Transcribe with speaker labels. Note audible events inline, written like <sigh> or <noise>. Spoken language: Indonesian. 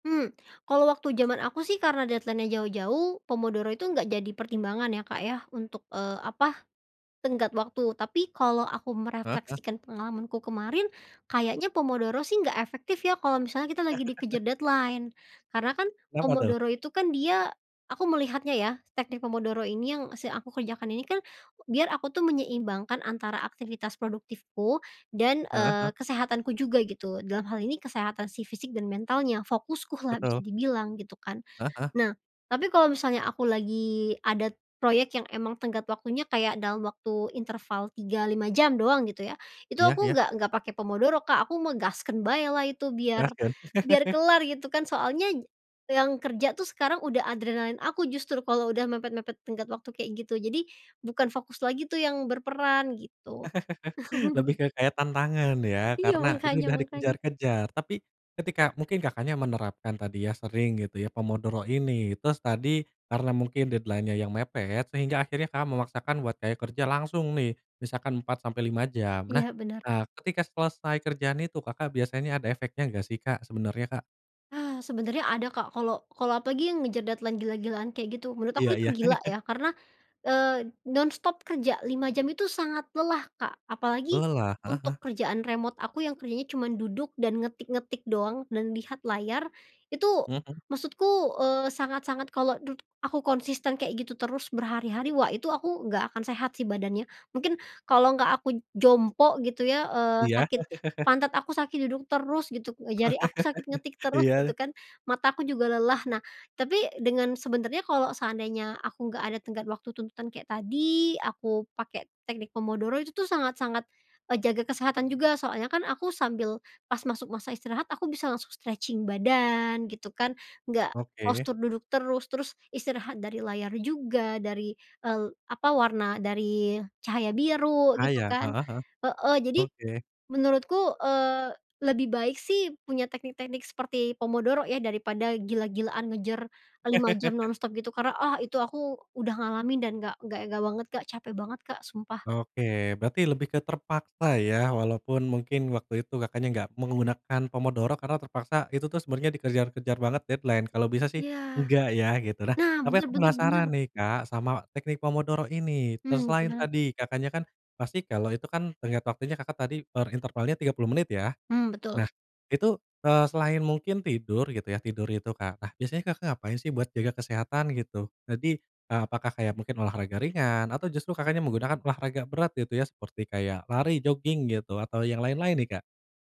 Speaker 1: Mmm. Kalau waktu zaman aku sih karena deadline-nya jauh-jauh, pomodoro itu enggak jadi pertimbangan ya, Kak, ya, untuk, eee, apa, tenggat waktu, tapi kalau aku
Speaker 2: Heeh heeh.
Speaker 1: merefleksikan pengalamanku kemarin, kayaknya pomodoro sih nggak efektif ya kalau misalnya kita lagi dikejar
Speaker 2: <chuckles>
Speaker 1: deadline. Karena kan
Speaker 2: Kenapa tuh?
Speaker 1: pomodoro itu kan dia aku melihatnya ya, teknik pomodoro ini, yang si aku kerjakan ini kan biar aku tuh menyeimbangkan antara aktivitas produktifku dan,
Speaker 2: Heeh heeh.
Speaker 1: eee, kesehatanku juga gitu, dalam hal ini kesehatan si fisik dan mentalnya, fokuskulah bisa
Speaker 2: Betul.
Speaker 1: dibilang gitu kan.
Speaker 2: Heeh heeh.
Speaker 1: Nah, tapi kalau misalnya aku lagi ada proyek yang emang tenggat waktunya kayak dalam waktu interval 3, 5 jam doang gitu ya, itu
Speaker 2: Iya
Speaker 1: aku
Speaker 2: iya.
Speaker 1: nggak nggak pakai pomodoro, Kak, aku mah gaskeun baelah itu biar,
Speaker 2: Gaskeun.
Speaker 1: biar
Speaker 2: <chuckles>
Speaker 1: kelar gitu kan. Soalnya yang kerja tuh sekarang udah adrenalin aku justru kalau udah mepet-mepet tenggat waktu kayak gitu. Jadi, bukan fokus lagi tuh yang berperan gitu.
Speaker 2: <chuckles> Lebih
Speaker 1: <chuckles>
Speaker 2: ke kaitan tangan ya
Speaker 1: Iya,
Speaker 2: karena itu
Speaker 1: makanya
Speaker 2: udah
Speaker 1: makanya.
Speaker 2: dikejar-kejar. Tapi ketika mungkin Kakaknya menerapkan tadi ya, sering gitu ya, pomodoro ini, terus tadi karena mungkin deadline-nya yang mepet, sehingga akhirnya Kakak memaksakan buat kaya kerja langsung nih. Misalkan 4-5 jam. Nah,
Speaker 1: Iya, benar.
Speaker 2: eee, ketika selesai kerjaan itu, Kakak biasanya ada efeknya nggak sih, Kak, sebenarnya, Kak?
Speaker 1: Ah, sebenarnya ada, Kak, kalau kalau apalagi yang ngejer deadline gila-gilaan kayak gitu, menurut
Speaker 2: Iya
Speaker 1: aku itu
Speaker 2: iya.
Speaker 1: gila
Speaker 2: <chuckles>
Speaker 1: ya, karena, eee, nonstop kerja 5 jam itu sangat lelah, Kak, apalagi
Speaker 2: Lelah? Heeh heeh.
Speaker 1: untuk kerjaan remote aku yang kerjanya cuman duduk dan ngetik-ngetik doang, dan lihat layar, itu
Speaker 2: Mhm.
Speaker 1: maksudku, eee, sangat-sangat kalau dud aku konsisten kayak gitu terus berhari-hari, wah, itu aku nggak akan sehat sih badannya. Mungkin kalau nggak aku jompo gitu ya, eee,
Speaker 2: Iya?
Speaker 1: sakit
Speaker 2: <chuckles>
Speaker 1: pantat aku sakit duduk terus gitu, jari aku sakit ngetik
Speaker 2: <chuckles>
Speaker 1: terus
Speaker 2: Iya
Speaker 1: gitu
Speaker 2: deh.
Speaker 1: kan, mata aku juga lelah, nah, tapi dengan sebenarnya kalau seandainya aku nggak ada tenggat waktu tuntutan kayak tadi, aku pakai teknik pomodoro, itu tuh sangat sangat, eee, jaga kesehatan juga soalnya kan aku sambil, pas masuk masa istirahat aku bisa langsung stretching badan gitu kan, nggak
Speaker 2: Oke.
Speaker 1: postur duduk terus, terus istirahat dari layar juga dari, eee, apa, warna dari cahaya biru
Speaker 2: Ah,
Speaker 1: gitu
Speaker 2: iya.
Speaker 1: kan.
Speaker 2: Heeh heeh.
Speaker 1: Heeh, jadi
Speaker 2: Oke.
Speaker 1: menurutku, eee, lebih baik sih punya teknik-teknik seperti pomodoro ya daripada gila-gilaan ngejar 5 jam
Speaker 2: <chuckles>
Speaker 1: nonstop gitu karena, ah, itu aku udah ngalamin dan nggak nggak e nggak banget, Kak, cape banget, Kak, sumpah.
Speaker 2: Oke, berarti lebih ke terpaksa ya, walaupun mungkin waktu itu Kakaknya nggak menggunakan pomodoro karena terpaksa, itu tuh sebenarnya dikejar-kejar banget deadline. Kalau bisa sih
Speaker 1: Iya.
Speaker 2: enggak ya gitu. Nah,
Speaker 1: Nah,
Speaker 2: tapi
Speaker 1: bener
Speaker 2: aku
Speaker 1: bener bener.
Speaker 2: penasaran nih, Kak, sama teknik pomodoro ini. Terus
Speaker 1: Hmm,
Speaker 2: selain
Speaker 1: gimana
Speaker 2: tadi, Kakaknya kan pasti kalau itu kan tenggat waktunya Kakak tadi per intervalnya 30 menit ya?
Speaker 1: Hmm, betul.
Speaker 2: Nah itu, eee, selain mungkin tidur gitu ya, tidur itu, Kak, nah, biasanya Kakak ngapain sih buat jaga kesehatan gitu? Jadi apakah kayak mungkin olahraga ringan atau justru Kakaknya menggunakan olahraga berat gitu ya seperti kayak lari, joging, gitu atau yang lain-lain nih, Kak?